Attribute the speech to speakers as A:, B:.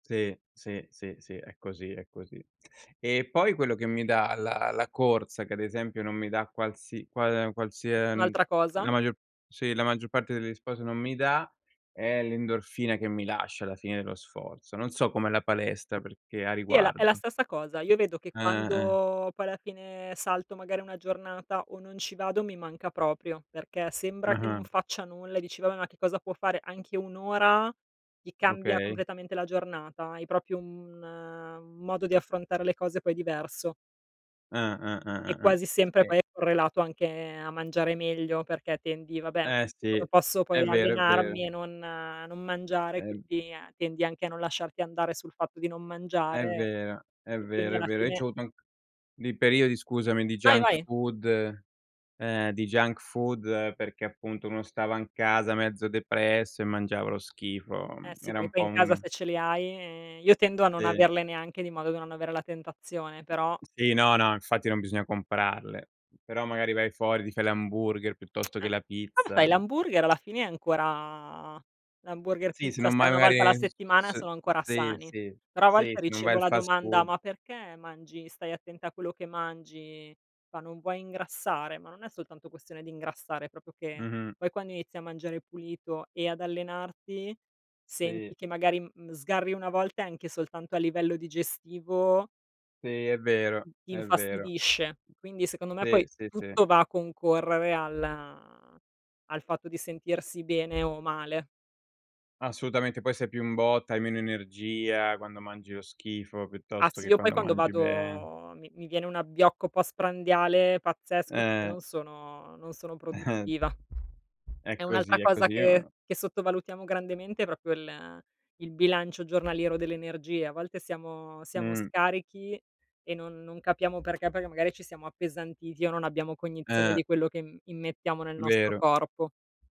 A: Sì, sì, sì, sì, è così, è così. E poi, quello che mi dà la la corsa, che ad esempio, non mi dà qualsi qual qualsia ehm,
B: Un'altra
A: la
B: cosa?
A: maggio sì, la maggior parte degli sport non mi dà, è l'endorfina che mi lascia alla fine dello sforzo. Non so com'è la palestra perché a
B: Sì, è la è la
A: riguardo.
B: stessa cosa. Io vedo che
A: Eh, eh.
B: quando poi alla fine salto, magari, una giornata, o non ci vado, mi manca proprio, perché sembra che
A: Ah-ah.
B: non faccia nulla e dici: "Vabbè, ma che cosa può fare?" Anche 1 ora, ti cambia
A: Okay.
B: completamente la giornata, hai proprio un un modo di affrontare le cose poi diverso.
A: Ah-ah
B: E
A: ah-ah.
B: quasi sempre,
A: Sì.
B: poi è correlato anche a mangiare meglio, perché tendi vabbè,
A: Eh sì,
B: posso
A: è
B: poi
A: vero, è vero.
B: allenarmi e non non mangiare,
A: Ehm
B: quindi, tendi anche a non lasciarti andare, sul fatto di non
A: È
B: mangiare
A: vero, è
B: e quindi
A: vero, è
B: alla
A: vero. Io
B: fine
A: c'ho avuto anc dei periodi, scusami, di
B: Vai,
A: junk
B: vai.
A: food ehm, di junk food perché appunto uno stava in casa mezzo depresso, e mangiava lo schifo.
B: Eh sì,
A: Era
B: perché
A: un
B: poi
A: po'
B: in casa
A: un
B: se ce li hai, ehm, io tendo a non
A: Sì.
B: averle neanche di modo da non avere la tentazione, però
A: Sì no, no, infatti non bisogna comprarle. Però magari vai fuori, ti fai l'hamburger piuttosto
B: Eh,
A: che la
B: vabbè sai,
A: pizza.
B: l'hamburger, alla fine è ancora l'hamburger,
A: Sì, se
B: pizza
A: non
B: se è
A: mai
B: 1 volta alla
A: magari
B: settimana
A: s
B: sono ancora
A: sì,
B: sani.
A: sì,
B: Però a
A: sì,
B: volte
A: sì, non vai
B: ricevo
A: al
B: la
A: fast
B: domanda:
A: food.
B: "Ma perché mangi stai attenta a quello che mangi?" Fa: "Non vuoi ingrassare?" Ma non è soltanto questione di ingrassare, proprio che,
A: Mh-mh.
B: poi quando inizi a mangiare pulito e ad allenarti, senti
A: Sì.
B: che magari m n sgarri 1 volta, e anche soltanto a livello digestivo
A: Sì, è vero,
B: ti
A: è vero.
B: infastidisce. Quindi secondo me,
A: Sì,
B: poi
A: sì, sì.
B: tutto va a concorrere al al fatto di sentirsi bene o male.
A: Assolutamente, poi sei più in botta, hai meno energia, quando mangi lo schifo,
B: Ah
A: piuttosto
B: sì,
A: che
B: io poi
A: quando
B: quando
A: mangi bene.
B: vado mi mi viene un abbiocco postprandiale pazzesco, che poi
A: Eh.
B: non sono non sono
A: Eh.
B: produttiva.
A: È
B: E
A: così,
B: un'altra
A: è
B: cosa
A: così.
B: che
A: Io
B: che sottovalutiamo grandemente, è proprio il il bilancio giornaliero dell'energia. A volte siamo siamo
A: Mh.
B: scarichi, e non non capiamo perché, perché magari ci siamo appesantiti, o non abbiamo cognizione
A: Eh.
B: di quello che im immettiamo nel nostro
A: Vero.
B: corpo.